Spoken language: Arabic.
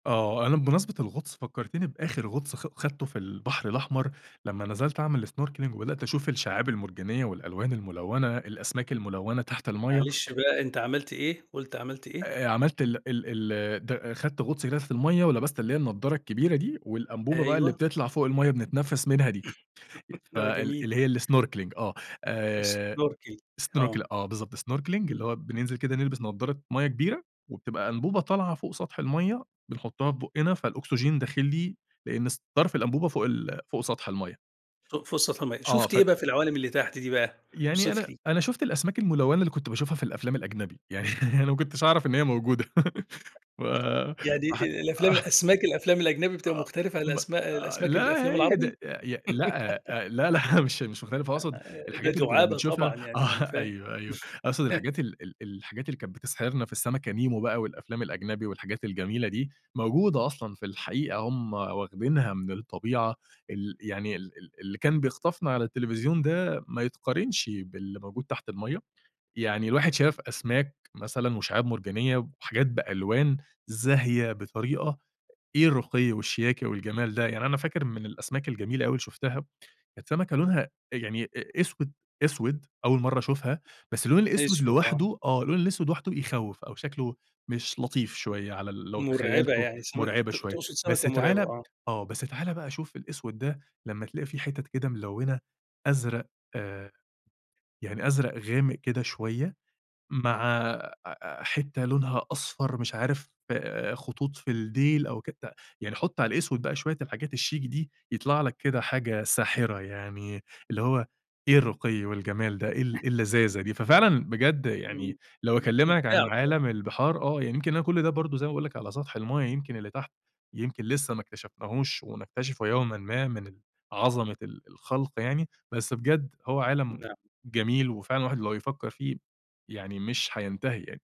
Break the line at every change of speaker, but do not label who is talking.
آه. أنا بمناسبة الغُطس فكرتني بآخِر غُطس خ خَدته في البحر الأحمر، لما نزَلت أعمل snorkeling وبدأت أشوف الشّعاب المرجانيّة والألوان الملوّنة، الأسماك الملوّنة تحت المَيَّة.
معلش بقى أنت عملت إيه، قُلت عملت إيه؟
آآ، عملت ال ال ال د خَدت غُطس هناك في المَيَّة ولبَست اللي هي النضّارة الكبيرة دي والأنبوبة بقى اللي
أيوه.
بتطلَع فوق المَيَّة بنتنفِّس منها دي، ف
آه
ال
جميل.
اللي هي الsnorkeling آه، آآ
snorkel آه.
snorkel آه، بالضبط، snorkeling اللي
إمم.
هو بننزِل كده نلبِس نضّارة مَيَّة كبيرة وبتبقى أنبوبة طالعة فوق سطح المَيَّة بنحُطّها في بُقنا فالأُكسجين داخِل لي لأن س طَرْف الأنبوبة فوق ال فوق سطْح المَيَّة.
فوق فوق سطْح المَيَّة.
آه،
شُفت
ف
إيه بقى في العوالِم اللي تحت دي بقى؟
يعني
اوصِف
أنا
لي.
أنا شُفت الأسماك الملوّنة اللي كنت باشوفها في الأفلام الأجنبي، يعني أنا ما كنتش أعرَف إن هي موجودة، و
يعني
ح
الأفلام
آه.
أسماك، الأفلام الأجنبي بتبقى
أ
مختلِفة على
م
الأسماء
آآ
الأسماك الأفلام
لا، هي
العربي؟
ده ده ي لأ أ لا، لا مش مش مختلِفة، أقصُد
آآ ده
الحاجات اللي كنّا
دُعابة
بنشوفها،
طبعًا يعني، ما أنا
آه
فاهم.
أيوه، أيوه، أقصُد الحاجات ال ال الحاجات اللي كانت بتسحِرنا في السمكة نِيمو بقى والأفلام الأجنبي والحاجات الجميلة دي، موجودة أصلًا في الحقيقة، هُم واخدينها من الطبيعة ال يعني ال ال اللي كان بيخطَفنا على التليفزيون ده ما يتقارنش باللي موجود تحت المَيَّة. يعني الواحد شاف أسماك مثلًا وشِعاب مرجانيّة وحاجات بألوان زاهية بطريقة، إيه الرُّقي والشياكة والجَمال ده! يعني أنا فاكر من الأسماك الجميلة أوي اللي شُفتها، كانت سمكة لونها يعني أ أسوِد أسوِد، أول مرّة أشوفها، بس اللون الأسوِد
أسوِد آه.
لوحده آه اللون الأسوِد لوحده يخوِّف أو شكله مش لطيف
م
شوية على ال لو
مرعِبة،
تخيّلته
يعني سمك
مرعِبة
ت
شوية،
تقصُد
بس
سمكة مرعِبة،
تعالَ
آه.
آه، بس تعالَ بقى شوف الأسوِد ده لما تلاقي فيه حِتَت كده ملوّنة أزرق آآ، يعني أزرق غامق كده شوية مع أ أ حِتّة لونها أصفر، مش عارف خطوط في الدّيل أو كده بتاع، يعني حُط على الأسوِد بقى شوية الحاجات الشيك دي يطلَع لك كده حاجة ساحرة يعني، اللي هو إيه الرُّقي والجَمال ده، إيه ال إيه اللذاذة دي! ففعلًا بجد يعني
إمم.
لو
م
أكلّمك عن
ممتِعة طبعًا.
عالَم البِحَار، آه، يعني يمكن أنا كلّ ده برضه زي ما باقول لك على سطح المَيَّة، يمكن اللي تحت يمكن لسه ما اكتَشفناهوش ونكتشفه يومًا ما من ال عظَمة ال الخلْق يعني. بس بجد هو عالَم
نعم.
جميل وفعلًا الواحد لو يفكّر فيه، يعني مش هينتهي يعني.